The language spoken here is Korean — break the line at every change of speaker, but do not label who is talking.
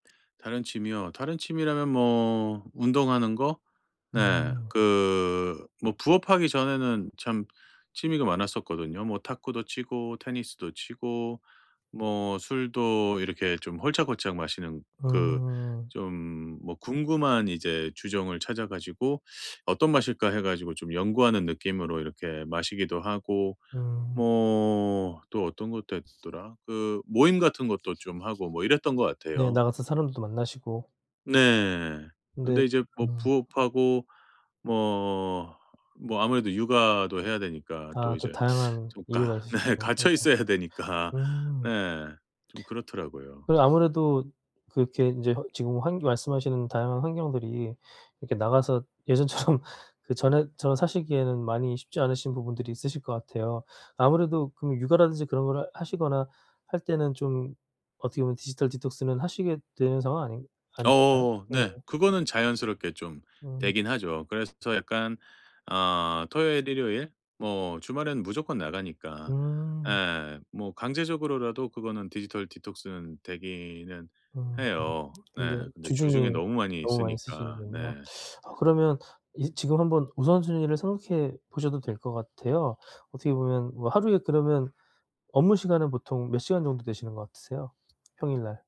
다른 취미요? 다른 취미라면 뭐 운동하는 거? 네.
음.
그 뭐 부업하기 전에는 참 취미가 많았었거든요. 뭐 탁구도 치고 테니스도 치고 뭐 술도 이렇게 좀 홀짝홀짝 마시는 그
음.
좀 뭐 궁금한 이제 주종을 찾아 가지고 '어떤 맛일까?' 해 가지고 좀 연구하는 느낌으로 이렇게 마시기도 하고
음.
뭐 또 어떤 것도 했더라 그 모임 같은 것도 좀 하고 뭐 이랬던 것
네.
같아요.
나가서 사람들도 만나시고.
네.
근데
근데 이제 뭐
음.
부업하고 뭐, 뭐 아무래도 육아도 해야 되니까 또
아 또
이제
다양한
좀 가
이유가 있으시
네 갇혀 있어야
[unintelligible]
되니까.
음.
네. 좀 그렇더라고요.
그런 아무래도 그렇게 인제 허 지금 환겨 말씀하시는 다양한 환경들이 이렇게 나가서 예전처럼 그전에처럼 사시기에는 많이 쉽지 않으신 부분들이 있으실 것 같아요. 아무래도 그러면 육아라든지 그런 거를 하시거나 할 때는 좀 어떻게 보면 디지털 디톡스는 하시게 되는 상황 아닌 아니실까요?
어 네.
네.
그거는 자연스럽게 좀
음.
되긴 하죠. 그래서 저 약간 어 토요일, 일요일 뭐 주말에는 무조건 나가니까
음.
예 뭐 강제적으로라도 그거는 디지털 디톡스는 되기는
음.
해요.
근데
네. 근데
주중에
주중에 너무 많이
너무 많이 쓰시는
쓰니까.
거군요.
네.
아 그러면 이 지금 한번 우선순위를 생각해 보셔도 될 것 같아요. 어떻게 보면 뭐 하루에 그러면 업무 시간은 보통 몇 시간 정도 되시는 것 같으세요 평일날?